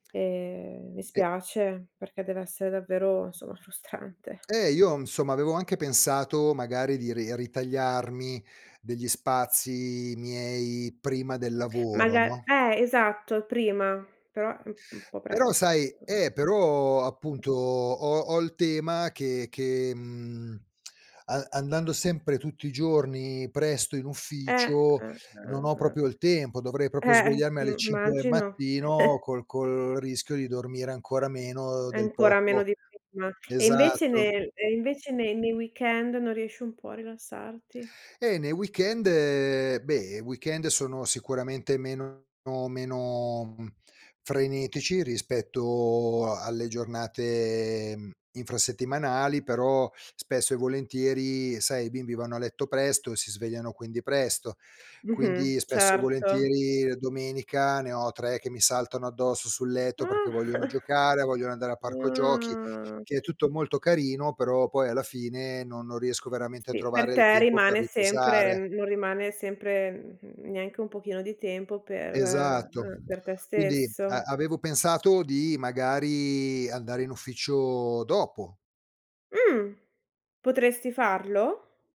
Ehm, mi E spiace perché deve essere davvero, insomma, frustrante. Eh, io, insomma, avevo anche pensato magari di ri ritagliarmi degli spazi miei prima del lavoro, Maga no. eh esatto, prima, però è un un po' Però presto sai [unintelligible] eh, però appunto ho ho il tema che che, mhmm, a andando sempre tutti i giorni presto in Eh, ufficio, eh, non eh, ho eh. proprio il tempo. Dovrei proprio Eh, svegliarmi alle mh, 5 del immagino. mattino col col rischio di dormire ancora meno del Ancora meno poco di prima. E invece esatto. nel e invece nei nei weekend non riesci un po' a rilassarti? Eh nei weekend beh, i weekend sono sicuramente meno meno, mhmm, frenetici rispetto a alle giornate, mhmm, infrasettimanali, però spesso e volentieri, sai, i bimbi vanno a letto presto e si svegliano quindi presto. Mh-mh. Quindi spesso e Certo. volentieri, uhm, domenica ne ho 3 che mi saltano addosso sul Ah. letto perché vogliono giocare, vogliono andare al parco giochi, Ah. che è tutto molto carino, però poi alla fine no non riesco veramente a Sì, per trovare il te tempo per rimane sempre riposare. n non rimane sempre, mhmm, neanche un pochino di tempo per Esatto. eh, per te Quindi stesso. a avevo pensato di magari andare in ufficio dopo. Mh. Potresti farlo?